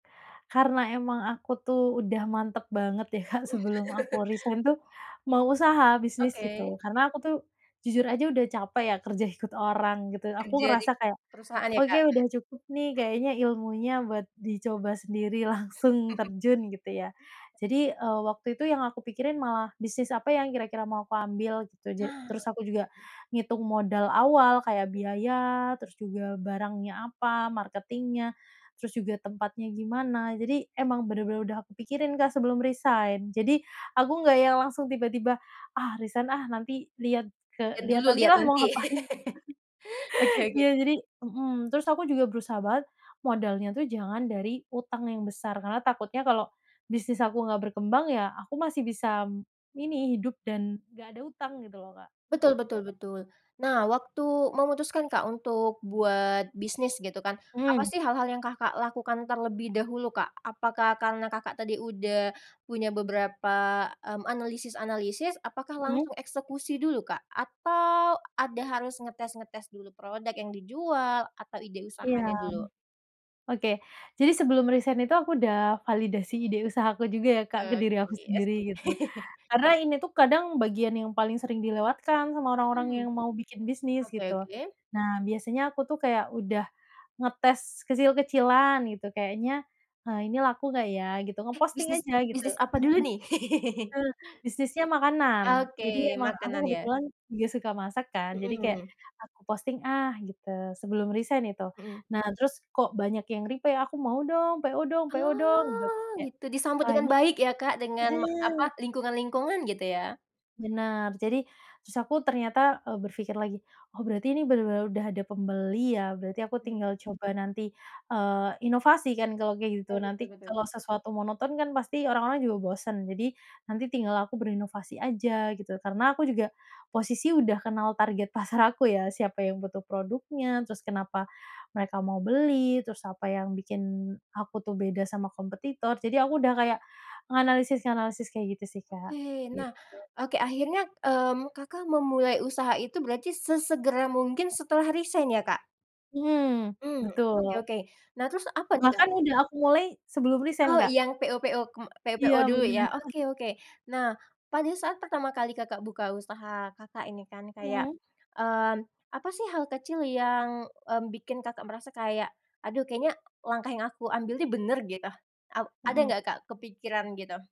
Karena emang aku tuh udah mantep banget ya, Kak, sebelum aku resign tuh mau usaha bisnis Oke. gitu karena aku tuh jujur aja udah capek ya kerja ikut orang gitu aku Kerja di ngerasa kayak perusahaan ya, "oke Kak? udah cukup nih kayaknya ilmunya buat dicoba sendiri langsung terjun" gitu ya. Jadi, eee, waktu itu yang aku pikirin malah bisnis apa yang kira-kira mau aku ambil gitu ja Nah. terus aku juga ngitung modal awal kayak biaya terus juga barangnya apa marketingnya terus juga tempatnya gimana, jadi emang bener-bener udah aku pikirin, Kak, sebelum resign jadi aku nggak yang langsung tiba-tiba "ah, resign, ah, nanti liat ke Lihat liat dulu nanti lihat lah mau nanti. ngapain" Oke oke. ya jadi, mhm, terus aku juga berusaha banget modalnya tuh jangan dari utang yang besar karena takutnya kalau bisnis aku nggak berkembang ya aku masih bisa ini hidup dan nggak ada utang gitu loh, Kak, Betul gitu. betul betul, nah waktu memutuskan, Kak, untuk buat bisnis gitu kan apa Hmm. sih hal-hal yang, Kakak, lakukan terlebih dahulu, Kak. Apakah karena, Kakak, tadi udah punya beberapa, mmm, analisis-analisis apakah Mhm. langsung eksekusi dulu, Kak? Atau ada harus ngetes-ngetes dulu produk yang dijual atau ide Iya. usahanya dulu? Oke, jadi sebelum resign itu aku udah validasi ide usaha aku juga ya ke Eee, diri aku iya sendiri sih. karena ini tuh kadang bagian yang paling sering dilewatkan sama orang-orang Mhm, yang mau bikin bisnis oke gitu. oke. Nah, biasanya aku tuh kaya udah ngetes kecil-kecilan gitu kayaknya, eee, ini laku gak ya gitu Eh, ngeposting bisnis aja gitu. bisnis apa dulu nih? Eee, bisnisnya makanan jadi Oke, emang aku makanan ya. kebetulan juga suka masak kan jadi kayak Mhm. aku posting, ah, gitu sebelum resign itu. Mhm. Nah, terus kok banyak yang reply aku mau dong PO dong PO dong gitu Oh, terus kayak, gitu disambut Wah dengan ini baik ya, Kak, dengan apa, mhm. lingkungan-lingkungan gitu ya. Bener, jadi terus aku ternyata, eee, berpikir lagi, oh, berarti ini bener-bener udah ada pembeli ya, berarti aku tinggal coba nanti, eee, inovasi kan kalau kayak gitu Betul betul nanti betul. kalau sesuatu monoton kan pasti orang-orang juga bosen jadi nanti tinggal aku berinovasi aja gitu karena aku juga posisi udah kenal target pasar aku ya siapa yang butuh produknya terus kenapa mereka mau beli terus apa yang bikin aku tuh beda sama kompetitor jadi aku udah kayak menganalisis-nganalisis kayak gitu sih, Kak. Oke nah, oke akhirnya, mmm, Kakak, memulai usaha itu berarti sesegera mungkin setelah resign ya, Kak. Mhm, Hmm, oke betul. oke, nah terus apa nih, Kak. Bahkan udah aku mulai sebelum Oh, resign, Kak. yang PO- PO kem PO- PO Iya, dulu bener. ya oke oke nah pada saat pertama kali, Kakak, buka usaha, Kakak, ini kan kayak, Mhm. mmm, apa sih hal kecil yang, mmm, bikin, Kakak, merasa kayak aduh kayaknya langkah yang aku ambil nih bener gitu a ada Mhm. nggak kepikiran gitu?